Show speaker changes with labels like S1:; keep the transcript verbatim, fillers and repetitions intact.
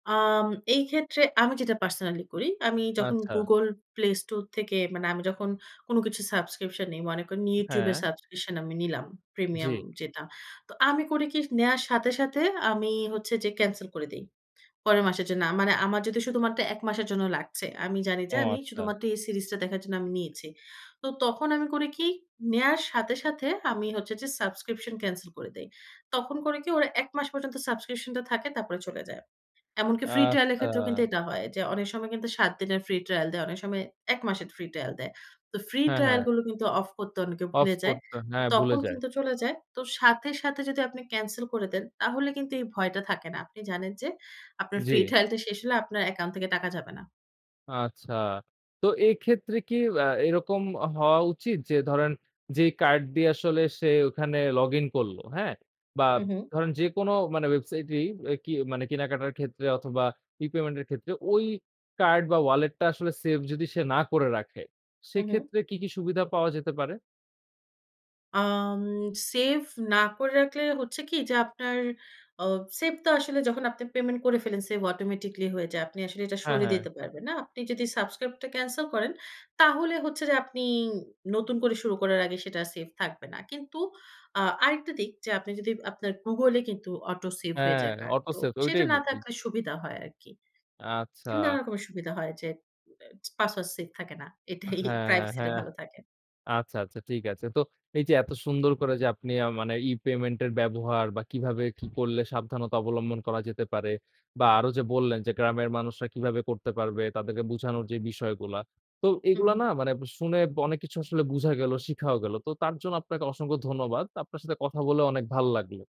S1: আম এই ক্ষেত্রে আমি যেটা পার্সোনালি করি, আমি যখন
S2: আচ্ছা।
S1: গুগল প্লে স্টোর থেকে মানে আমি যখন কোন কিছু সাবস্ক্রিপশন নেই, মনে করুন YouTube এ
S2: হ্যাঁ।
S1: সাবস্ক্রিপশন আমি নিলাম প্রিমিয়াম
S2: জি।
S1: যেটা। তো আমি করি কী নেয়ার সাথে, সাথে আমি হচ্ছে যে ক্যানসেল করে দেই, পরের মাসের জন্য। আ মানে আমার যদি শুধুমাত্র এক মাসের জন্য লাগছে আমি জানি যে
S2: ও,
S1: আমি
S2: আচ্ছা।
S1: শুধুমাত্র এই সিরিজটা দেখার জন্য আমি নিয়েছি। তো তখন আমি করি কী নেয়ার সাথে, সাথে আমি হচ্ছে যে সাবস্ক্রিপশন ক্যানসেল করে দেই। তখন করে কী ওরা এক মাস পর্যন্ত সাবস্ক্রিপশনটা থাকে তারপরে চলে যায়। এমনকি ফ্রি ট্রায়ালের
S2: আচ্ছা।
S1: ক্ষেত্রেও কিন্তু এটা হয়, যে অনেক সময় কিন্তু সাত দিনের ফ্রি ট্রায়াল দেয়, অনেক সময় এক মাসের ফ্রি ট্রায়াল দেয়। তো ফ্রি
S2: হ্যাঁ,
S1: ট্রায়াল
S2: হ্যাঁ।
S1: গুলো কিন্তু অফ করতে অনেকে
S2: অফ
S1: ভুলে যায়
S2: করতে
S1: তো
S2: হ্যাঁ, ভুলে
S1: তখন
S2: যায়।
S1: কিন্তু চলে যায়। তো সাথে, সাথে যদি আপনি ক্যানসেল করে দেন তাহলে কিন্তু এই ভয়টা থাকে না। আপনি জানেন যে আপনার ফ্রি
S2: জি।
S1: ট্রায়াল টা শেষ হলে আপনার অ্যাকাউন্ট থেকে টাকা যাবে না।
S2: আচ্ছা, তো এক্ষেত্রে কী আ এরকম আ হওয়া উচিত যে ধরেন যেই কার্ড দিয়ে আসলে সে ওইখানে লগ ইন করল, হ্যাঁ? বা
S1: হুম, হুম।
S2: ধরেন যেকোনো মানে ওয়েবসাইটেই এ কি মানে কেনাকাটার ক্ষেত্রে অথবা রিপেমেন্ট এর ক্ষেত্রে ওই কার্ড বা ওয়ালেটটা আসলে সেভ যদি সে না করে রাখে
S1: হুম, হুম।
S2: সেক্ষেত্রে কী, কী সুবিধা পাওয়া যেতে পারে?
S1: আম সেভ না করে রাখলে হচ্ছে কী যে, আপনার অ সেভ তো আসলে যখন আপনি পেমেন্ট করে ফেলেঞ্ছে অটোমেটিক্যালি হয়ে যায়। আপনি আসলে এটা
S2: হ্যাঁ,
S1: সরিয়ে
S2: হ্যাঁ।
S1: দিতে পারবেন না আপনি যদি সাবস্ক্রাইবটা ক্যানসেল করেন, তাহলে হচ্ছে যে আপনি নতুন করে শুরু করার আগে সেটা সেভ থাকবে না। কিন্তু আ আরেকটা দিক যে আপনি যদি আপনার গুগলে কিন্তু অটো সেভ হয়ে
S2: হ্যাঁ,
S1: যায় কার্ড
S2: অটো
S1: তো
S2: সেভ
S1: সেটা
S2: ঐটাই
S1: না
S2: বলছি।
S1: থাকলে সুবিধা হয় আরকি। নানা
S2: আচ্ছা।
S1: রকমের সুবিধা হয় যে অ্যা পাসওয়ার্ড সেভ থাকে না, এটাই
S2: হ্যাঁ,
S1: প্রাইভেসিটা
S2: হ্যাঁ।
S1: ভালো থাকে।
S2: আচ্ছা, আচ্ছা, ঠিক আছে। তো এই যে এত সুন্দর করে যে আপনি আ মানে, ই-পেমেন্টের ব্যবহার বা কীভাবে কী করলে সাবধানতা অবলম্বন করা যেতে পারে? বা আরো যে বললেন যে গ্রামের মানুষরা কীভাবে করতে পারবে? তাদেরকে বুঝানোর যে বিষয়গুলা, তো
S1: হুম,
S2: এগুলা
S1: হুম।
S2: না মানে ব শুনে ব অনেক কিছু আসলে বুঝা গেল, শিখাও গেলো। তো তার জন্য আপনাকে অসংখ্য ধন্যবাদ। আপনার সাথে কথা বলে অনেক ভাল লাগলো।